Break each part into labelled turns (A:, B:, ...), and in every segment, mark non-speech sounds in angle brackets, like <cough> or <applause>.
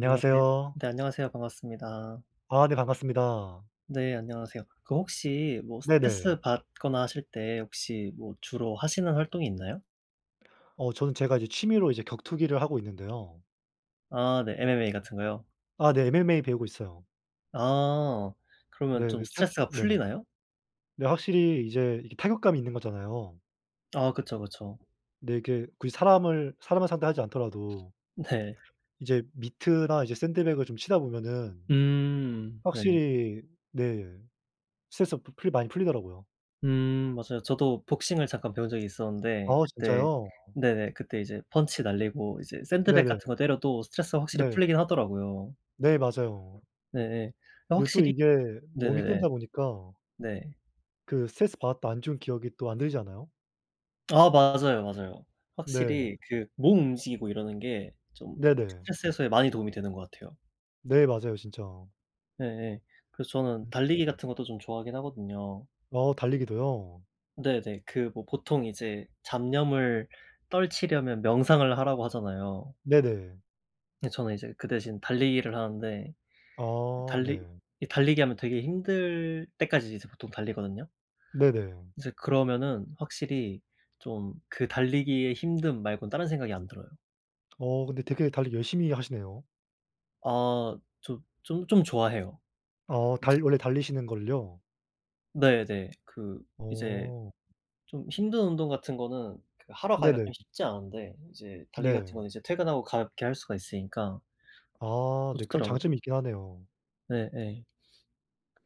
A: 안녕하세요. 네 안녕하세요. 반갑습니다.
B: 아 네 반갑습니다.
A: 네 안녕하세요. 그 혹시 뭐
B: 네네.
A: 스트레스받거나 하실 때 혹시 뭐 주로 하시는 활동이 있나요?
B: 어 저는 제가 이제 취미로 이제 격투기를 하고 있는데요.
A: 아 네. MMA 같은 거요?
B: 아 네. MMA 배우고 있어요.
A: 아 그러면
B: 네.
A: 좀
B: 그 체육
A: 스트레스가
B: 네네.
A: 풀리나요?
B: 근데 확실히 이제 이게 타격감이 있는 거잖아요.
A: 아 그쵸, 그쵸.
B: 근데 이렇게 굳이 사람을 사람을 상대하지 않더라도
A: 네.
B: 이제 미트나 이제 샌드백을 좀 치다 보면은
A: 음 네.
B: 확실히 네 스트레스가 푸 풀리 많이 풀리더라고요.
A: 음 맞아요. 저도 복싱을 잠깐 배운 적이 있었는데
B: 어
A: 그때
B: 진짜요?
A: 네네 그때 이제 펀치 날리고 이제 샌드백
B: 네네.
A: 같은 거 때려도 스트레스가 확실히
B: 네.
A: 풀리긴 하더라고요.
B: 네 맞아요.
A: 네네.
B: 네 또
A: 확실히
B: 이게 몸이
A: 네네네.
B: 힘들다 보니까
A: 네.
B: 그 스트레스받았던 안 좋은 기억이 또 안 들지 않아요?
A: 아 맞아요, 맞아요.
B: 네.
A: 확실히 그 몸 움직이고 이러는 게 좀
B: 네네.
A: 스트레스 해소에 많이 도움이 되는 것 같아요.
B: 네. 맞아요, 진짜.
A: 예예. 그래서 저는
B: 음.
A: 달리기
B: 음.
A: 같은 것도 좀 좋아하긴 하거든요.
B: 어. 달리기도요?
A: 네네. 그 뭐 보통 이제 잡념을 떨치려면 명상을 하라고 하잖아요.
B: 네네.
A: 근데 저는 이제 그 대신 달리기를 하는데
B: 아.
A: 달리
B: 네.
A: 이 달리기 하면 되게 힘들 때까지 계속 보통 달리거든요.
B: 네네.
A: 이제 그러면은 확실히 좀 그 달리기의 힘듦 말곤 다른 생각이 안 들어요.
B: 어. 근데 되게 달리기 열심히 하시네요?
A: 어. 조 좀 좀 좋아해요.
B: 아. 달 원래 달리시는 걸요?
A: 네네. 그 이제
B: 어.
A: 좀 힘든 운동 같은 거는 그 하러 가기가
B: 네네.
A: 좀 쉽지 않은데 이제 달리기 같은
B: 네.
A: 거는 이제 퇴근하고 가볍게 할 수가 있으니까
B: 아.
A: 더
B: 네, 그런
A: 좋더라고요.
B: 장점이 있긴 하네요.
A: 네네.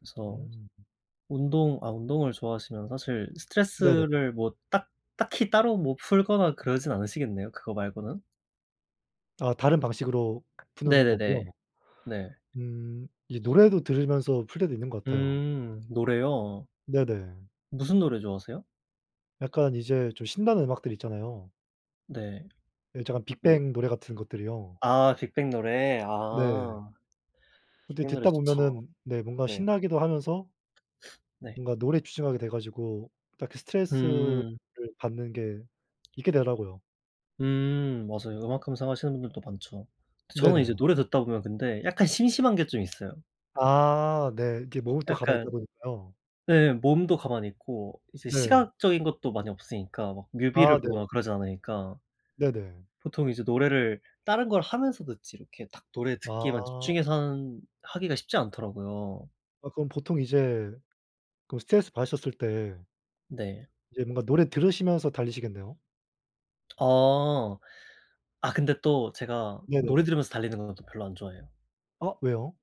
A: 그래서
B: 음.
A: 운동 아 운동을 좋아하시면 사실
B: 네네.
A: 스트레스를 뭐 딱 딱히 따로 뭐 풀거나 그러진 않으시겠네요, 그거 말고는?
B: 아, 다른 방식으로 푸는 법이요?
A: 네네네. 네.
B: 음. 이 노래도 들으면서 풀 때도 있는 것 같아요.
A: 음. 노래요?
B: 네네.
A: 무슨 노래 좋아하세요?
B: 약간 이제 좀 신나는 음악들 있잖아요.
A: 네.
B: 예, 저 약간
A: 뭐
B: 빅뱅 노래 같은 것들이요.
A: 아. 빅뱅 노래.
B: 네.
A: 아.
B: 근데
A: 빅뱅 노래
B: 듣다
A: 좋죠.
B: 보면은 네 뭔가
A: 네.
B: 신나기도 하면서
A: 네.
B: 뭔가 노래에 집중하게 돼 가지고 딱 그 스트레스를
A: 음.
B: 받는 게 잊게 되더라고요.
A: 음. 맞아요. 음악 감상하시는 분들도 많죠. 근데 저는 이제
B: 네네.
A: 노래 듣다 보면 근데 약간 심심한 게 좀 있어요.
B: 아. 네. 이렇게 몸은 또 가만히 있다
A: 약간
B: 보니까요.
A: 네 몸도 가만히 있고 이제
B: 네.
A: 시각적인 것도 많이 없으니까 막
B: 아,
A: 뮤비를
B: 네.
A: 보거나 그러지 않으니까.
B: 네네.
A: 보통 이제 노래를 다른 걸 하면서 듣지 이렇게 딱 노래 듣기에만
B: 아.
A: 집중해서 하는 하기가 쉽지 않더라고요.
B: 아, 그럼 보통 이제 그럼 스트레스 받으셨을 때
A: 네.
B: 이제 뭔가 노래 들으시면서 달리시겠네요.
A: 어. 아, 근데 또 제가
B: 네네.
A: 노래 들으면서 달리는 거는 또 별로 안 좋아해요.
B: 어. 왜요?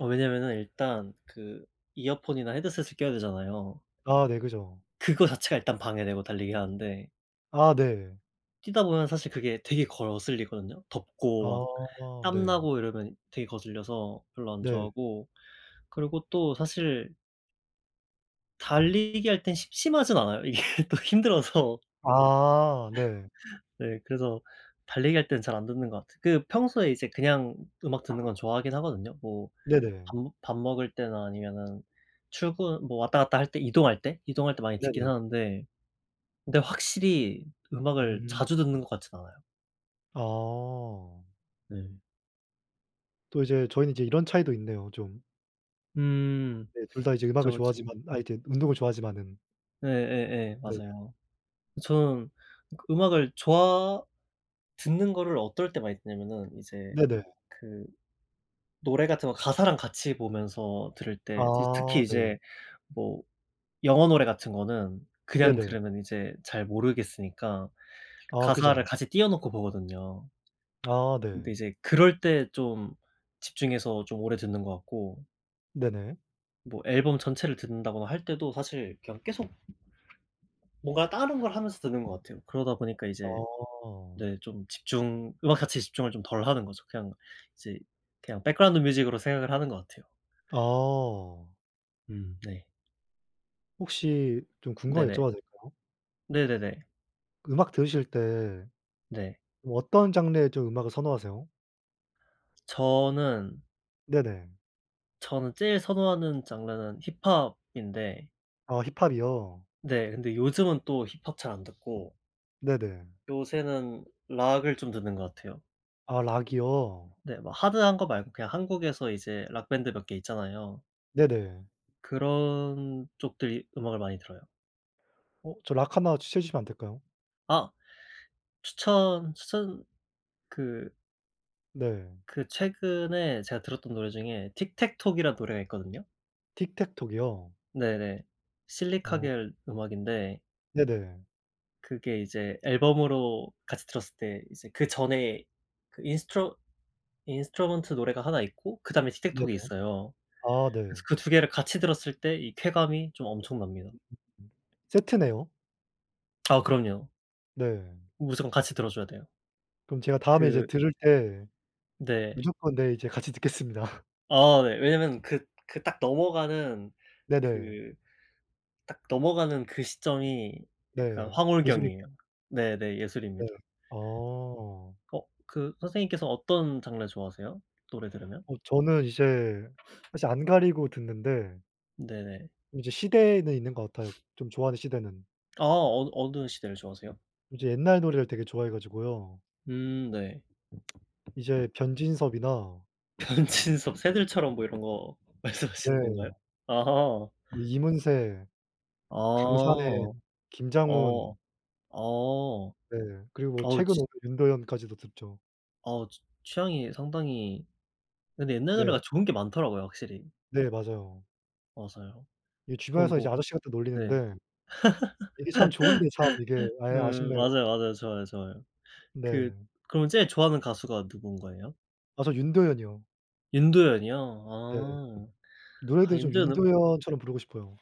A: 어 왜냐면은 일단 그 이어폰이나 헤드셋을 껴야 되잖아요.
B: 아 네, 그죠.
A: 그거 자체가 일단 방해되고 달리기 하는데.
B: 아 네.
A: 뛰다보면 사실 그게 되게 거슬리거든요. 덥고 막
B: 아 네.
A: 땀나고 이러면 되게 거슬려서 별로 안
B: 네.
A: 좋아하고 그리고 또 사실 달리기할 땐 심심하진 않아요. 이게 또 힘들어서.
B: 아 네.
A: 네 그래서 달리기할 때는 잘 안 듣는 것 같아요. 그 평소에 이제 그냥 음악 듣는 건 좋아하긴 하거든요. 뭐 밥
B: 네네.
A: 밥 먹을 때나 아니면은 출근 뭐 왔다 갔다 할때 이동할 때, 이동할 때 많이 듣긴
B: 네네.
A: 하는데 근데 확실히 음악을
B: 음.
A: 자주 듣는 것 같진 않아요.
B: 어.
A: 음.
B: 또 이제 저희는 이제 이런 차이도 있네요 좀.
A: 음
B: 네 둘 다 이제 음악을
A: 그쵸, 그쵸.
B: 좋아하지만 아 이제 운동을 좋아하지만은
A: 예예예
B: 네.
A: 맞아요. 저는 음악을 좋아 듣는 거를 어떨 때 많이 듣냐면은 이제
B: 네네.
A: 그 노래 같은 거 가사랑 같이 보면서 들을 때 그 특히
B: 아 네.
A: 이제 뭐 영어 노래 같은 거는 그냥
B: 네네.
A: 들으면 이제 잘 모르겠으니까,
B: 아
A: 가사를
B: 그죠.
A: 같이 띄워 놓고 보거든요.
B: 아
A: 근데
B: 네.
A: 이제 그럴 때 좀 집중해서 좀 오래 듣는 것 같고.
B: 네네.
A: 뭐 앨범 전체를 듣는다거나 할 때도 사실 그냥 계속 뭔가 다른 걸 하면서 듣는 것 같아요. 그러다 보니까 이제
B: 어.
A: 네 좀 집중 음악 가치에 집중을 좀 덜 하는 거죠. 그냥 이제 그냥 백그라운드 뮤직으로 생각을 하는 것 같아요.
B: 어.
A: 음 네.
B: 혹시 좀 궁금한 거
A: 네네.
B: 여쭤봐도 될까요?
A: 네네네.
B: 음악 들으실 때
A: 네.
B: 뭐 어떤 장르의 좀 음악을 선호하세요?
A: 저는
B: 네네.
A: 저는 제일 선호하는 장르는 힙합인데
B: 아 힙합이요.
A: 네. 근데 요즘은 또 힙합 잘 안 듣고
B: 네네.
A: 요새는 락을 좀 듣는 거 같아요.
B: 아 락이요.
A: 네 뭐 하드한 거 말고 그냥 한국에서 이제 락밴드 몇 개 있잖아요.
B: 네네.
A: 그런 쪽들의 음악을 많이 들어요.
B: 어 저 락 하나 추천해 주시면 안 될까요?
A: 아. 추천, 추천 그
B: 네.
A: 그 최근에 제가 들었던 노래 중에 Tic-tac-toe이란 노래가 있거든요.
B: 틱택톡이요?
A: 네네.
B: 어.
A: 실리카겔 음악인데
B: 네네.
A: 그게 이제 앨범으로 같이 들었을 때 이제 그 전에 그 인스트루 인스트루먼트 노래가 하나 있고 그다음에
B: 네네.
A: 틱택톡이 있어요.
B: 아 네.
A: 그래서 그 2 개를 같이 들었을 때 이 쾌감이 좀 엄청납니다.
B: 세트네요.
A: 아 그럼요.
B: 네.
A: 무조건 같이 들어 줘야 돼요.
B: 그럼 제가 다음에 이제
A: 그
B: 들을 때
A: 네.
B: 무조건 네, 이제 같이 듣겠습니다.
A: 아 네. 왜냐면 그 그 딱 넘어가는
B: 네네.
A: 그 딱 넘어가는 그 시점이 약간
B: 네,
A: 황홀경이에요.
B: 예술인가요?
A: 네네
B: 네.
A: 예술입니다.
B: 어.
A: 어 그 선생님께서 어떤 장르 좋아하세요? 노래 들으면?
B: 어 저는 이제 사실 안 가리고 듣는데
A: 네네.
B: 이제 시대는 있는 것 같아요. 좀 좋아하는 시대는.
A: 아 어느 어느 시대를 좋아하세요?
B: 이제 옛날 노래를 되게 좋아해 가지고요.
A: 음 네.
B: 이제 변진섭이나
A: 변진섭 새들처럼 뭐 이런 거
B: 네.
A: 말씀하시는 건가요? 아하.
B: 이문세, 강산에,
A: 어.
B: 김장훈.
A: 어. 어.
B: 네, 그리고 뭐
A: 어
B: 최근
A: 진
B: 오면 윤도현까지도 듣죠.
A: 어, 취 취향이 상당히 근데 옛날
B: 네.
A: 노래가 좋은 게 많더라고요 확실히.
B: 네, 맞아요.
A: 어서요?
B: 이
A: 그럼
B: 주변에서
A: 뭐
B: 이제 아저씨 같다
A: 네.
B: 놀리는데. 이게 참 좋은데 참 이게
A: <laughs>
B: 예
A: 음.
B: 아쉽네요.
A: 맞아요, 맞아요. 좋아요, 좋아요. 그
B: 네.
A: 그럼 제일 좋아하는 가수가 누군 거예요?
B: 아, 저 윤도현이요.
A: 윤도현이요?
B: 네.
A: 아. 아,
B: 노래도 좀
A: 윤도현은
B: 윤도현처럼 부르고 싶어요.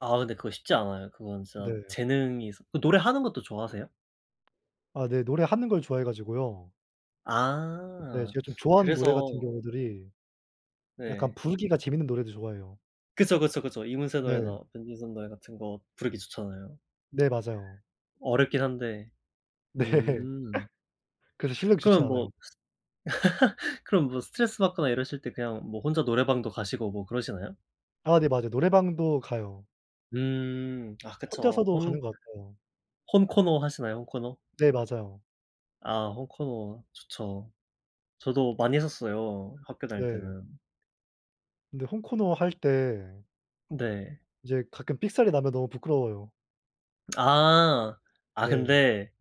A: 아 근데 그거 쉽지 않아요. 그건 진짜
B: 네.
A: 재능이 그 노래하는 것도 좋아하세요?
B: 아, 네. 노래하는 걸 좋아해 가지고요. 네.
A: 아.
B: 제가 좀 좋아하는 노래 같은
A: 그래서.
B: 경우들이 약간
A: 네.
B: 부르기가 재밌는 노래도 좋아해요.
A: 그쵸, 그쵸, 그쵸. 이문세
B: 네.
A: 노래나 변진섭 노래 같은 거 부르기 좋잖아요.
B: 네, 맞아요.
A: 어렵긴 한데.
B: 네.
A: 음.
B: 그래서 실력이 좋진
A: 그러면 뭐
B: 않아요.
A: <laughs> 그럼 뭐 스트레스 받거나 이러실 때 그냥 뭐 혼자 노래방도 가시고 뭐 그러시나요?
B: 아 네, 맞아요. 노래방도 가요.
A: 음. 아 그쵸.
B: 혼자서도
A: 혼
B: 가는 것 같아요.
A: 혼코노 하시나요, 혼코노?
B: 네, 맞아요.
A: 아 혼코노 좋죠. 저도 많이 했었어요, 학교 다닐
B: 네.
A: 때는.
B: 근데 혼코노 할 때
A: 네.
B: 이제 가끔 삑사리 나면 너무 부끄러워요.
A: 아. 아
B: 네.
A: 근데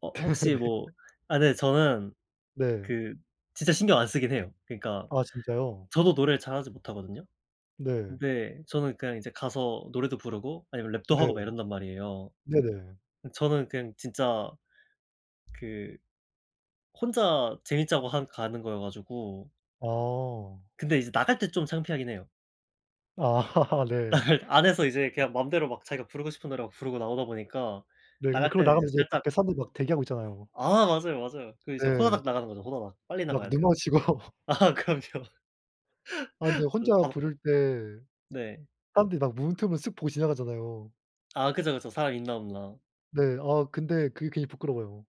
A: 어
B: <laughs>
A: 혹시
B: 네.
A: 뭐 아 근데 저는
B: 네.
A: 그 진짜 신경 안 쓰긴 해요. 그니까
B: 아 진짜요?
A: 저도 노래를 잘하지 못하거든요.
B: 네.
A: 근데 저는 그니까 이제 가서 노래도 부르고 아니면 랩도
B: 네.
A: 하고 막 이런단 말이에요,
B: 네네.
A: 그 저는 그냥 진짜 그 혼자 재밌자고 하는 가는 거여 가지고.
B: 어.
A: 근데 이제 나갈 때 좀 창피하긴 해요.
B: 아 <laughs> 네.
A: <laughs> 안에서 이제 그냥 맘대로 막 자기가 부르고 싶은 노래 막 부르고 나오다 보니까
B: 네 근데
A: 나갈
B: 그러고
A: 때는 이제
B: 나가면 이제
A: 살짝
B: 밖에 사람들 막 대기하고 있잖아요.
A: 아 맞아요 맞아요. 그 이제
B: 네.
A: 후다닥 나가는 거죠. 후다닥. 빨리
B: 막
A: 나가야
B: 눈
A: 돼요.
B: 마주치고
A: 아
B: <laughs>
A: 그럼요.
B: 아 근데
A: <laughs>
B: 혼자
A: <unintelligible>
B: 부를 때
A: 네.
B: 사람들이 다 문틈으로 쓱 보고 지나가잖아요.
A: 아 그쵸 그쵸. 사람 있나 없나.
B: 네 아 근데 그게 괜히 부끄러워요.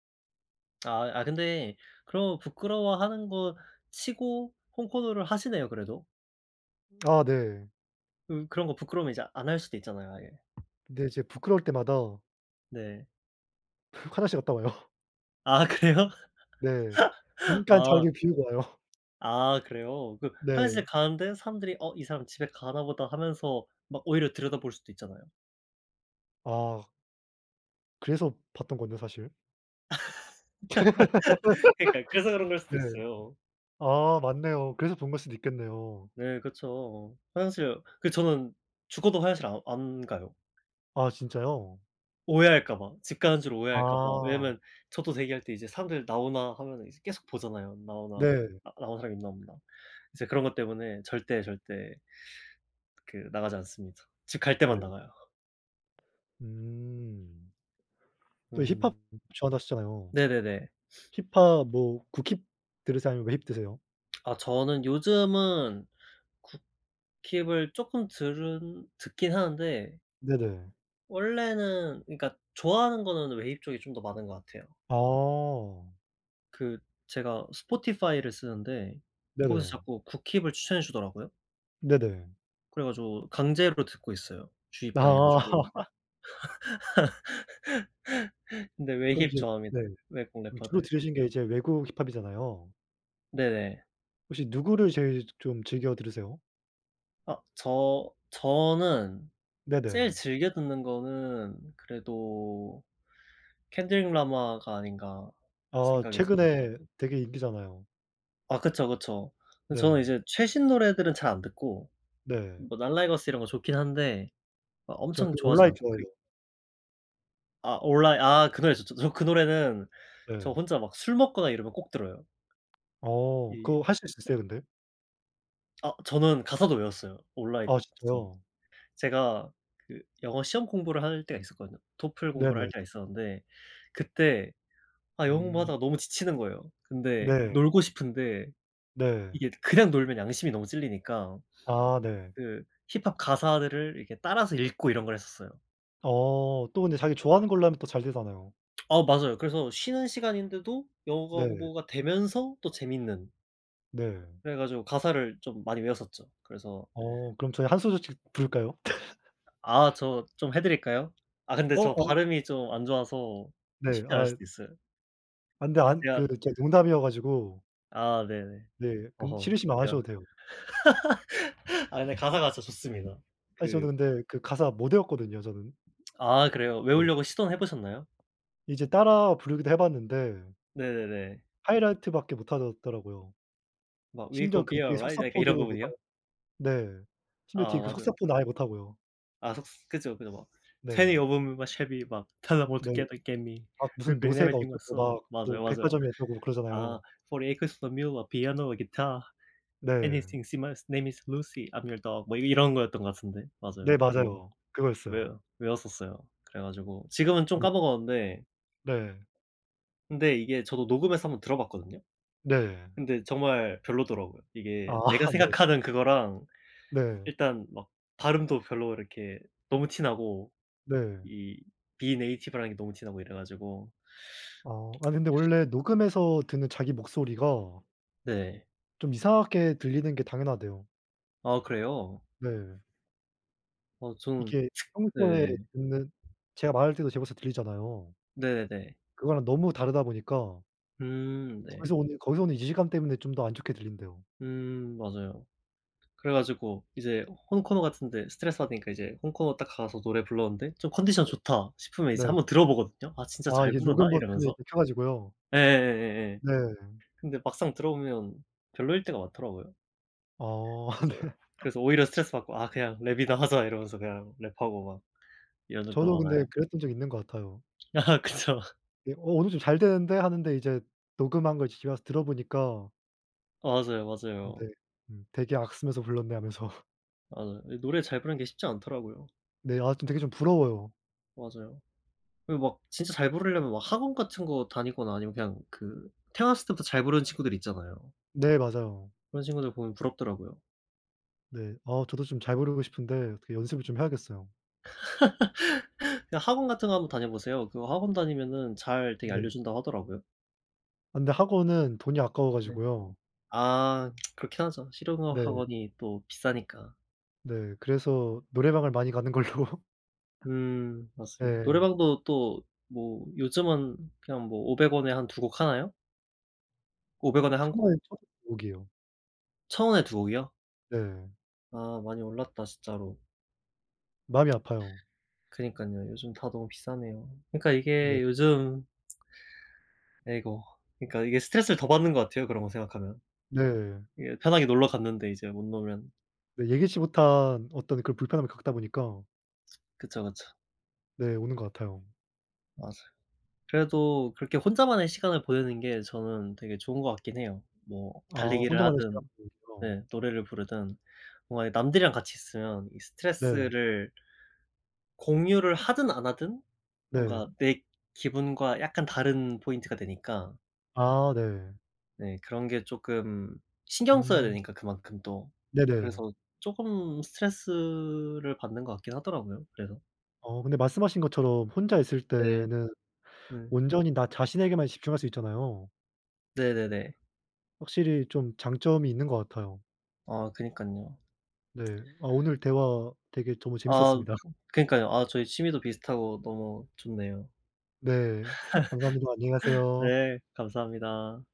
A: 아이 아 근데 그런 거 부끄러워하는 거 치고 혼코노를 하시네요, 그래도?
B: 아 네.
A: 그 그런 거 부끄러우면 이제 안 할 수도 있잖아요. 아예.
B: 근데 이제 부끄러울 때마다
A: 네.
B: 화장실 갔다 와요.
A: 아 그래요?
B: 네.
A: <laughs>
B: 잠깐
A: 아
B: 자리를 비우고 와요. <laughs>
A: 아 그래요? 그 화장실
B: 네.
A: 가는데 사람들이 '어 이 사람 집에 가나 보다.'하면서 막 오히려 들여다볼 수도 있잖아요.
B: 아. 그래서 봤던 건데 사실.
A: <chuckles> 그러니까 그래서 그런
B: <laughs>
A: 걸 수도
B: 네.
A: 있어요.
B: 아 맞네요. 그래서 본 걸 수도 있겠네요.
A: 네 그쵸. 화장실 그 저는 죽어도 화장실 아 안 가요.
B: 아 진짜요?
A: 오해할까 봐 집 가는 줄 오해할까 봐
B: 아.
A: 왜냐하면 저도 대기할 때 이제 사람들 나오나 하면은 이제 계속 보잖아요. 나오나
B: 네.
A: 아 나온 사람 있나 없나. 이제 그런 것 때문에 절대 절대 그 나가지 않습니다. 집 갈 때만
B: 네.
A: 나가요.
B: 음. 또 힙합
A: 음.
B: 좋아한다
A: 네네네.
B: 하셨잖아요. 힙합 뭐 국힙 들으세요 아니면 외힙 들으세요?
A: 아 저는 요즘은 국힙을 조금 들은 듣긴 하는데
B: 네네.
A: 원래는 그니까 좋아하는 거는 웨이브 쪽이 좀 더 많은 거 같아요.
B: 어.
A: 그 제가 spotify 를 쓰는데 거기서
B: 네네.
A: 자꾸 국힙을 추천해 주더라고요.
B: 네네.
A: 그래 가지고 강제로 듣고 있어요.
B: 나.
A: 주입당해 가지고.
B: <laughs>
A: <laughs> 근데
B: 그럼,
A: 외힙
B: 이제 네.
A: 좋아합니다, 외국
B: 그럼, 주로
A: 래퍼들.
B: 들으신 게 이제 외국 힙합이잖아요.
A: 네네.
B: 혹시 누구를 제일 조 좀 즐겨 들으세요?
A: 아 저 저는 제일
B: 네네.
A: 즐겨 듣는 거는 '그래도 켄드릭 라마가 아닌가?'
B: 아
A: 생각이 듭니다.
B: 최근에 되게 인기잖아요.
A: 아 그쵸, 그쵸. 근데 저는
B: 네.
A: 이제 최신 노래들은 잘 안 듣고
B: 네.
A: 뭐 날라이거스 이런 거 좋긴 한데 어
B: 저
A: 엄청
B: 그
A: 좋아하진
B: 올라잇
A: 않고 그 이
B: 좋아해요.
A: 아 올라잇 아 그 노래 좋죠. 저 그 노래는 저
B: 네.
A: 혼자 막 술 먹거나 이러면 꼭 들어요.
B: 어,
A: 예예.
B: 그 하실 수 있으세요? 근데
A: 어 저는 가사도 외웠어요, 올라잇
B: 아
A: 거진.
B: 진짜요?
A: 제가 그 영어 시험공부를 할 때가 있었거든요. 토플 공부를 할
B: 네네.
A: 때가 있었는데 그때 아 영어
B: 음.
A: 공부하다가 너무 지치는 거예요. 근데
B: 네.
A: 놀고 싶은데
B: 네.
A: 이게 그냥 놀면 양심이 너무 찔리니까
B: 아 네.
A: 그 힙합 가사들을 이렇게 따라서 읽고 이런 걸 했었어요.
B: 어 또 근데 자기 좋아하는 걸로 하면 또 잘 되잖아요.
A: 어 맞아요. 그래서 쉬는 시간인데도 영어가
B: 네.
A: 공부가 되면서 또 재밌는
B: 네.
A: 그래 가지고 가사를 좀 많이 외웠었죠. 그래서
B: 어 그럼 저희 1 소절씩 부를까요? <laughs>
A: 아 저 좀 해 드릴까요? 아 근데
B: 어
A: 저
B: 어.
A: 발음이 좀 안 좋아서
B: 네.
A: 쉽지 않을
B: 아이.
A: 수도 있어요.
B: 아 근데
A: 그
B: 안 그
A: 제가
B: 그 제가 농담이어 가지고
A: 아 네네.
B: 네 근데
A: 어허.
B: 싫으시면 안
A: 제가
B: 하셔도 돼요.
A: <laughs> 아 근데 가사가 진짜 좋습니다.
B: 사실
A: 그
B: 저는 근데 그 가사 못 외웠거든요, 저는.
A: 아 그래요?
B: 네.
A: 외우려고 시도는 해 보셨나요?
B: 이제 따라 부르기도 해 봤는데
A: 네네네.
B: 하이라이트 밖에 못하더 더라고요.
A: 막 we
B: 심지어
A: gon'
B: 그
A: be
B: 뒤에
A: alright 약간
B: 속사포도
A: 이런
B: 못
A: 부분이요?
B: 하고. 네, 심지어
A: 아
B: 뒤에 그
A: 맞아요.
B: 속사포는 아예 못 하고요.
A: 아 속 그죠, 그죠 막 Twenty
B: 네.
A: of 'em in my Chevy 막 Tell 'em all to
B: 네.
A: come and get me.
B: 아 무슨
A: reapin'
B: 노쇠가
A: everything I
B: 어쩌고
A: sow
B: 막 뭐
A: 맞아요, 맞아요.
B: 백화점이 어쩌고
A: 아
B: 그러잖아요.
A: Forty acres and a mule, a piano a guitar.
B: 네.
A: Anything, see my name is Lucy, I'm your dog. 뭐 이런 거였던 것 같은데
B: 네,
A: 맞아요. 뭐
B: 맞아요.
A: 외
B: 그거였어요.
A: 외웠었어요. 그래 가지고 지금은 좀
B: 네.
A: 까먹었는데
B: 네.
A: 근데 이게 저도 녹음해서 1 번 들어봤거든요?
B: 네.
A: 근데 정말 별로더라고요. 이게
B: 아
A: 내가
B: 네.
A: 생각하는 그거랑
B: 네.
A: 일단 막 발음도 별로 이렇게 너무 티 나고
B: 네.
A: 이 비native라는 게 너무 티 나고 이래 가지고
B: 아.
A: <smacks lips>
B: 아니 근데 원래 녹음해서 듣는 자기 목소리가
A: 네.
B: 좀 이상하게 들리는 게 당연하대요.
A: 아 그래요?
B: 네.
A: 어 저는
B: 이게
A: 네.
B: 평소에
A: 음.
B: 듣는 제가 말할 때도 제 목소리가 들리잖아요.
A: 네네네.
B: 그거랑 너무 다르다 보니까
A: 음 네.
B: 거기서 오는 거기서 오는 이질감 때문에 좀 더 안 좋게 들린대요.
A: 음 맞아요. 그래 가지고 이제 혼코노 같은 데 스트레스 받으니까 이제 혼코노 딱 가서 노래 불렀는데 좀 컨디션
B: 네.
A: 좋다 싶으면 이제
B: 네.
A: 한번 들어보거든요 '아 진짜
B: 아
A: 잘
B: 이게
A: 부르나?'
B: 녹음 버튼을
A: 이러면서.
B: 이렇게 켜가지고요.
A: 예예예예예.
B: 네.
A: 근데 막상 들어보면 별로일 때가 많더라고요.
B: 어 아 네.
A: 그래서 그래서 오히려 스트레스받고 '아 그냥 랩이나 하자.' 이러면서 그냥 랩하고 막 이런 적도
B: 저도 근데
A: 많아요.
B: 그랬던 적 있는 것 같아요.
A: 아 그쵸.
B: 예 '어 오늘 좀 잘 되는데.' 하는데 이제 녹음한 걸 집에 와서 들어 보니까
A: 맞아요,
B: 어 네.
A: 맞아요.
B: 음 '되게 악쓰면서 불렀네.' 하면서
A: 맞아요. 이 노래 잘 부르는 게 쉽지 않더라고요.
B: 네 아 좀 되게 좀 부러워요.
A: 맞아요. 그리고 막 진짜 잘 부르려면 막 학원 같은 거 다니거나 아니면 그냥 그 태어났을 때부터 잘 부르는 친구들 있잖아요.
B: 네 맞아요.
A: 그런 친구들 보면 부럽더라고요.
B: 네 아, 저도 좀 잘 부르고 싶은데 어떻게 연습을 좀 해야겠어요.
A: <laughs> 그냥 학원 같은 거 한번 다녀 보세요. 그거 학원 다니면은 잘 되게
B: 네.
A: 알려 준다고 하더라고요.
B: 아 근데 학원은 돈이 아까워
A: 네.
B: 가지고요.
A: 아 <tsk> 그렇긴 하죠, 실용 음악
B: 네.
A: 학원이 또 비싸니까.
B: 네 그래서 노래방을 많이 가는 걸로.
A: 음 맞습니다.
B: 네.
A: 노래방도 또 뭐 요즘은 그냥 뭐 500 원에 한 2 곡 하나요? 500 원에 1
B: 1,000
A: 곡?
B: 원에 총 2 곡이에요.
A: 1,000 원에 2 곡이요?
B: 네.
A: 아 많이 올랐다, 진짜로.
B: 마음이 아파요.
A: 그러니깐요. 요즘 다 너무 비싸네요. 그니까
B: 네.
A: 이게 요즘 아이고. 그니까 이게 스트레스를 더 받는 것 같아요. 그런 거 생각하면.
B: 네.
A: 이게 편하게 놀러 갔는데 이제 못 놀면
B: 네 예기치 못한 어떤 그런 불편함을 겪다 보니까
A: 그쵸, 그쵸.
B: 네 오는 것 같아요.
A: 맞아요. 그래도 그렇게 혼자만의 시간을 보내는 게 저는 되게 좋은 것 같긴 해요, 뭐
B: 아
A: 달리기를
B: 혼자만의 시간
A: 하든
B: 보내기요.
A: 네 노래를 부르든. 뭔가 이 남들이랑 같이 있으면 이
B: 네.
A: 스트레스를 공유를 하든 안 하든 뭔가
B: 네.
A: 내 기분과 약간 다른 포인트가 되니까
B: 아 네.
A: 네 그런 게 쪼끔 신경 써야
B: 음.
A: 되니까 그만큼 또.
B: 네네.
A: 그래서 쪼금 스트레스를 받는 것 같긴 하더라고요 그래서.
B: 어 근데 말씀하신 것처럼 혼자 있을
A: 네.
B: 때는
A: 음.
B: 온전히 나 자신에게만 집중할 수 있잖아요.
A: 네네네.
B: 확실히 좀 장점이 있는 것 같아요.
A: 아 그니깐요.
B: 네 아 오늘 대화 되게 정말
A: 아
B: 재밌었습니다.
A: 그니까요. 아 저희 취미도 비슷하고 너무 좋네요.
B: 네
A: <laughs>
B: 감사합니다. 안녕히 가세요.
A: 네 감사합니다.